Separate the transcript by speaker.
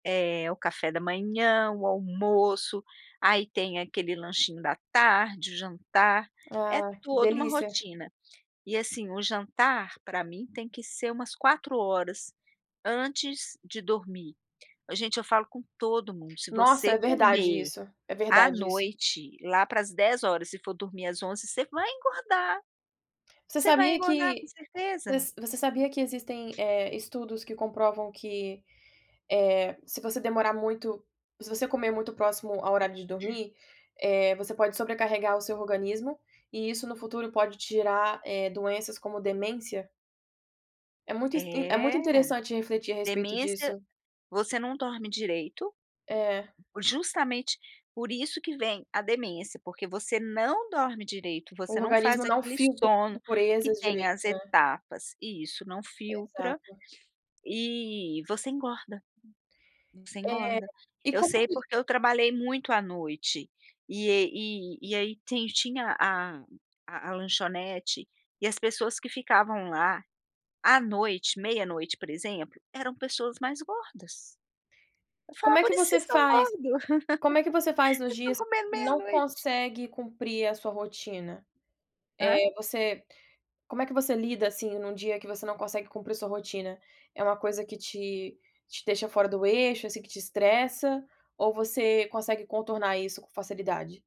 Speaker 1: É, o café da manhã, o almoço, aí tem aquele lanchinho da tarde, o jantar, é
Speaker 2: Ah, que
Speaker 1: toda uma
Speaker 2: delícia.
Speaker 1: rotina. E assim, o jantar pra mim tem que ser umas 4 hora, antes de dormir. Ô gente, eu falo com todo mundo, se
Speaker 2: Nossa,
Speaker 1: você
Speaker 2: é verdade
Speaker 1: comer
Speaker 2: isso, é
Speaker 1: à
Speaker 2: verdade isso.
Speaker 1: noite lá pras 22h e for dormir às 23h você vai engordar.
Speaker 2: Você
Speaker 1: Você vai
Speaker 2: sabia
Speaker 1: engordar, com
Speaker 2: que vo
Speaker 1: certeza.
Speaker 2: você sabia que existem, eh, estudos que comprovam que, eh, se você demorar muito se você comer muito próximo ao horário de dormir, eh, você pode sobrecarregar o seu organismo e isso no futuro pode te gerar, eh, doenças como demência? É muito inst é
Speaker 1: É!
Speaker 2: muito interessante refletir a respeito
Speaker 1: Demência
Speaker 2: disso.
Speaker 1: você não dorme direito.
Speaker 2: É.
Speaker 1: Justamente, por isso que vem a demência. Porque você não dorme direito,
Speaker 2: O
Speaker 1: você não faz
Speaker 2: organismo não
Speaker 1: aquele
Speaker 2: filtra as
Speaker 1: sono que
Speaker 2: impurezas
Speaker 1: tem
Speaker 2: direito,
Speaker 1: as
Speaker 2: né?
Speaker 1: etapas e isso não filtra
Speaker 2: Exato.
Speaker 1: e você engorda, você
Speaker 2: É.
Speaker 1: engorda.
Speaker 2: E
Speaker 1: Eu
Speaker 2: como é
Speaker 1: sei
Speaker 2: que
Speaker 1: porque eu trabalhei muito à noite e e e e i aí tem tinha a a a lanchonete e as pessoas que ficavam lá à noite, meia-noite por exemplo, eram pessoas mais gordas. Eu
Speaker 2: Como
Speaker 1: falava:
Speaker 2: é
Speaker 1: "Por
Speaker 2: que
Speaker 1: isso
Speaker 2: você
Speaker 1: vocês estão
Speaker 2: faz
Speaker 1: gordo.
Speaker 2: como é que você faz nos
Speaker 1: Vocês estão
Speaker 2: dias
Speaker 1: comendo
Speaker 2: não
Speaker 1: meia-noite".
Speaker 2: consegue cumprir a sua rotina?
Speaker 1: Hã?
Speaker 2: Eh, você como é que você lida, assim, num dia que você não consegue cumprir sua rotina? É uma coisa que te te deixa fora do eixo, assim, que te estressa? Ou você consegue contornar isso com facilidade?